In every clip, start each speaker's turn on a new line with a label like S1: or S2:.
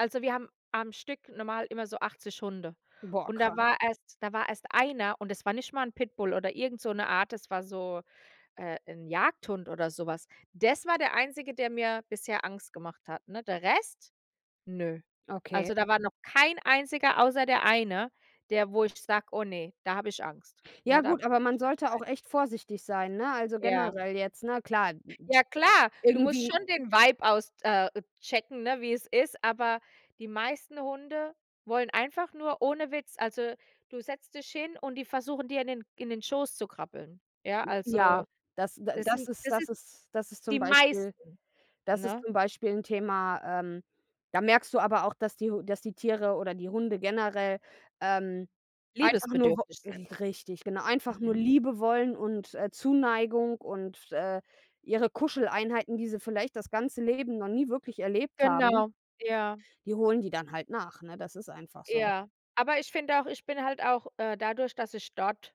S1: Also, wir haben am Stück normal immer so 80 Hunde.
S2: Boah,
S1: Und
S2: krass.
S1: da war erst da war erst einer und es war nicht mal 'n Pitbull oder irgend so 'ne Art, es war so, äh, 'n Jagdhund oder so was. Des war der Einzige, der mir bisher Angst gemacht hat, ne? Der Rest, ne.
S2: Okay.
S1: Also, da war noch kein Einziger, außer der eine, der wo ich sage: „Oh ne, da habe ich Angst.“,
S2: Ja
S1: ne? „Da
S2: gut,
S1: gehe
S2: aber
S1: ich
S2: man
S1: nicht
S2: sollte
S1: rein.“
S2: auch echt vorsichtig sein, ne, also
S1: Ja.
S2: generell jetzt, ne, klar, n n
S1: Ja, klar, du musst
S2: irgendwie
S1: schon den Vibe aus äh, checken, ne, wie es ist, aber die meisten Hunde wollen einfach nur ohne Witz, also, du setzt dich hin und die versuchen dir in den in den Schoß zu krabbeln. Ja,
S2: J ja,
S1: also,
S2: das d
S1: das
S2: das
S1: sind
S2: ist
S1: das
S2: das
S1: ist
S2: ist das ist
S1: die
S2: zum Beispiel
S1: meisten,
S2: das ist
S1: ne?
S2: zum Beispiel 'n Thema, ähm, da merkst du aber auch, dass die H dass die Tiere oder die Hunde generell, ähm, einfach nur wo
S1: Liebesbedürftig sind.
S2: r richtig, genau. Einfach nur
S1: Mhm.
S2: Liebe wollen und, äh, Zuneigung und, äh, ihre Kuscheleinheiten, die sie vielleicht das ganze Leben noch nie wirklich erlebt haben.
S1: Genau. Ja.
S2: Die holen die dann halt nach, ne? Das ist einfach so.
S1: Ja. Aber ich finde auch ich bin halt auch, äh, dadurch, dass ich dort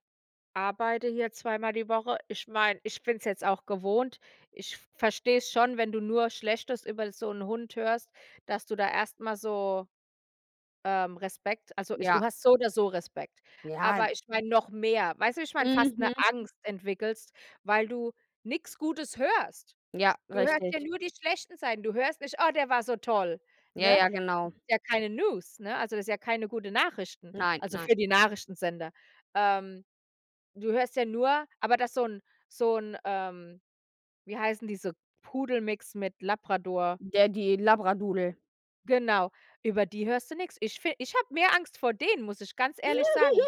S1: arbeite hier zweimal die Woche, ich meine, ich bin es jetzt auch gewohnt. Ich verstehe es schon, wenn du nur Schlechtes über so 'n Hund hörst, dass du da erst mal so, ähm, Respekt also, ich du
S2: Ja.
S1: hast so oder so Respekt.
S2: Ja.
S1: Aber ich meine, noch mehr. Weißt du, wie ich meine, fast 'ne
S2: Mhm.
S1: Angst entwickelst, weil du nix Gutes hörst.
S2: Ja,
S1: Du hörst ja
S2: richtig.
S1: nur die schlechten Seiten. Du hörst nicht: „Oh, der war so toll.“,
S2: Ja,
S1: ne?
S2: ja, genau.
S1: [unintelligible] ja keine News, ne? Also, das ist ja keine gute Nachrichten,
S2: Nein,
S1: also
S2: nein.
S1: für die Nachrichtensender. Ähm, du hörst ja nur aber dass so 'n so 'n ähm, wie heißen diese, Pudelmix mit Labrador?
S2: Der die Labradoodle.
S1: Genau, über die hörst du nix. Ich fi ich habe mehr Angst vor denen, muss ich ganz ehrlich sagen.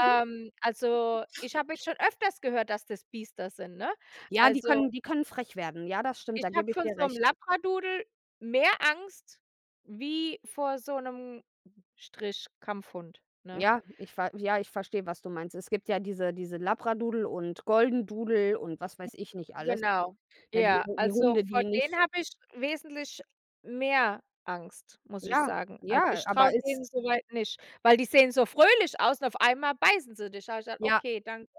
S1: Ähm, also, ich habe jetzt schon öfters gehört, dass das Biester sind, ne?
S2: Ja, die
S1: Also
S2: können die können frech werden. Ja, das stimmt,
S1: ich
S2: da
S1: habe
S2: gebe ich
S1: von
S2: dir
S1: so 'm
S2: recht.
S1: Labradoodle mehr Angst wie vor so 'nem Strich-Kampfhund, ne?
S2: Ja, ich ver ja, ich verstehe, was du meinst. Es gibt ja diese diese Labradoodle und Goldendoodle und was weiß ich nicht alles.
S1: Genau.
S2: Na, die
S1: Ja,
S2: die
S1: also,
S2: Hunde,
S1: vor
S2: die
S1: denen
S2: nicht
S1: habe ich wesentlich mehr Angst, muss ich
S2: Ja,
S1: sagen. Also,
S2: ja,
S1: ich traue
S2: aber ist
S1: denen so weit nicht, weil die sehen so fröhlich aus und auf einmal beißen sie dich. Sage ich dann:
S2: Ja.
S1: „Okay, danke.“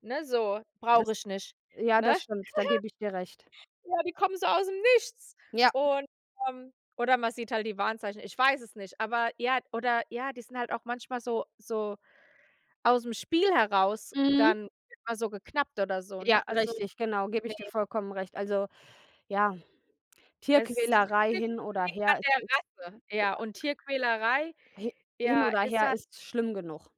S1: Ne, so: „Brauche
S2: Das
S1: ich nicht.“,
S2: ja,
S1: ne?
S2: das stimmt. Da gebe ich dir recht.
S1: Ja, die kommen so aus 'm Nichts.
S2: Ja.
S1: Und ähm, oder man sieht halt die Warnzeichen. Ich weiß es nicht. Aber ja oder ja, die sind halt auch manchmal so so aus 'm Spiel heraus
S2: Mhm.
S1: dann immer so geknappt oder so,
S2: Ja,
S1: ne? Also,
S2: richtig, genau, gebe
S1: ne.
S2: ich dir vollkommen recht. Also, ja,
S1: Es liegt
S2: Tierquälerei
S1: nicht
S2: hin oder
S1: unbedingt
S2: her,
S1: an
S2: es ist
S1: der Rasse. Ja, und
S2: [unintelligible]
S1: Tierquälerei,
S2: Hi hin
S1: ja,
S2: oder
S1: ist
S2: her,
S1: halt
S2: ist schlimm genug.